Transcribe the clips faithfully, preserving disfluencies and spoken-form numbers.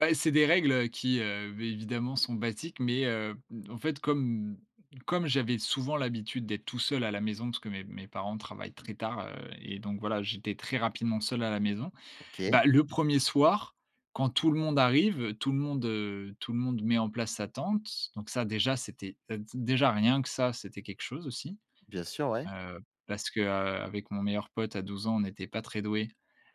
Beh, c'est des règles, heu, qui, heu vi évidemment sont basiques, mais, heu, mmh en fait, comme comme j'avais souvent l'habitude d'être tout seul à la maison parce que mes mes parents travaillent très tard, heu et donc voilà, j'étais très rapidement seul à la maison. OK. Bah, le premier soir, quand tout le monde arrive, tout le monde, heu, tout le monde met en place sa tente. Donc ça déjà, c'était, heu, d déjà rien que ça, c'était quelque chose aussi. Bien sûr, ouais. Heu, parce que, heu, avec mon meilleur pote à douze ans, on n'était pas très doués.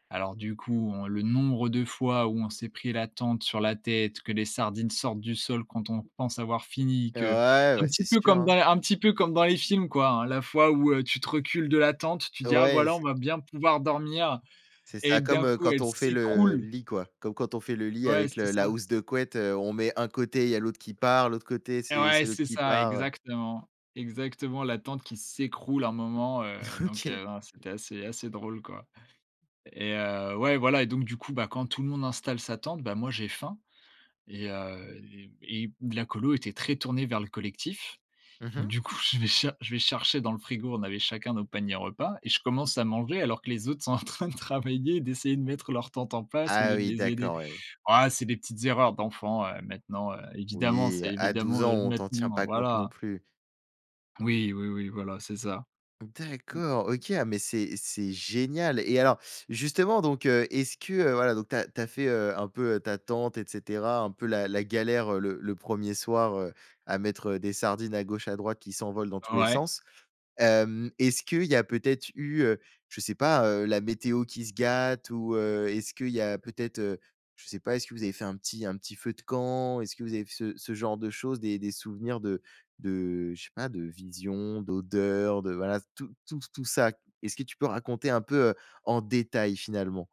Alors du coup, on le nombre de fois où on s'est pris la tente sur la tête, que les sardines sortent du sol quand on pense avoir fini, Heu, que ouais, un bah, petit c'est peu sûr comme dans hein. un petit peu comme dans les films quoi hein, la fois où, heu, tu te recules de la tente, tu dis: «Ah Ouais et voilà, on c'est va bien pouvoir dormir» c'est et ça d'un comme, heu, coup, quand elle on fait le s'écroule. lit quoi. Comme quand on fait le lit Ouais, avec c'est le la ça. housse de couette, heu, on met un côté, il y a l'autre qui part. L'autre côté, Et c'est ouais, c'est l'autre c'est qui ça, part, heu. exactement. Exactement, la tente qui s'écroule un moment, heu, donc, OK. heu, non, c'était assez assez drôle quoi et heu, ouais, voilà et donc du coup, bah, quand tout le monde installe sa tente, bah, moi j'ai faim et heu, les et d la colo était très tournée vers le collectif. Mmh Donc mh. du coup je vais cha je vais chercher dans le frigo, on avait chacun nos paniers repas et je commence à manger alors que les autres sont en train de travailler, d'essayer de mettre leurs tentes en place, au Ah lieu de oui, les aider. d'accord ouais. Oh, c'est des petites erreurs d'enfants, heu, maintenant, heu, évidemment, Oui c'est à douze évidemment, ans, heu, on t'en tient maintenant, pas compte non voilà. plus. Oui, oui, oui, voilà, c'est ça. mmh. D'accord. OK, ah mais c'est c'est génial et alors justement donc, heu, est-ce que, heu, voilà donc tu as tu as fait, heu, un peu ta tente et cetera. Un peu la la galère, heu, le le premier soir, heu, à mettre, heu, des sardines à gauche, à droite qui s'envolent dans tous les Ouais sens. Hem, est-ce qu'il y a peut-être eu, heu, je sais pas, heu, la météo qui se gâte ou, heu, est ce qu'il y a peut être, heu, je sais pas est ce que vous avez fait un petit un petit feu de camp? Est ce que vous avez f ce ce genre de choses, des-des souvenirs de de je sais pas. De vision, d'odeur, de voilà s tout tout tout ça. Est-ce que tu peux raconter un peu, heu, en détail finalement?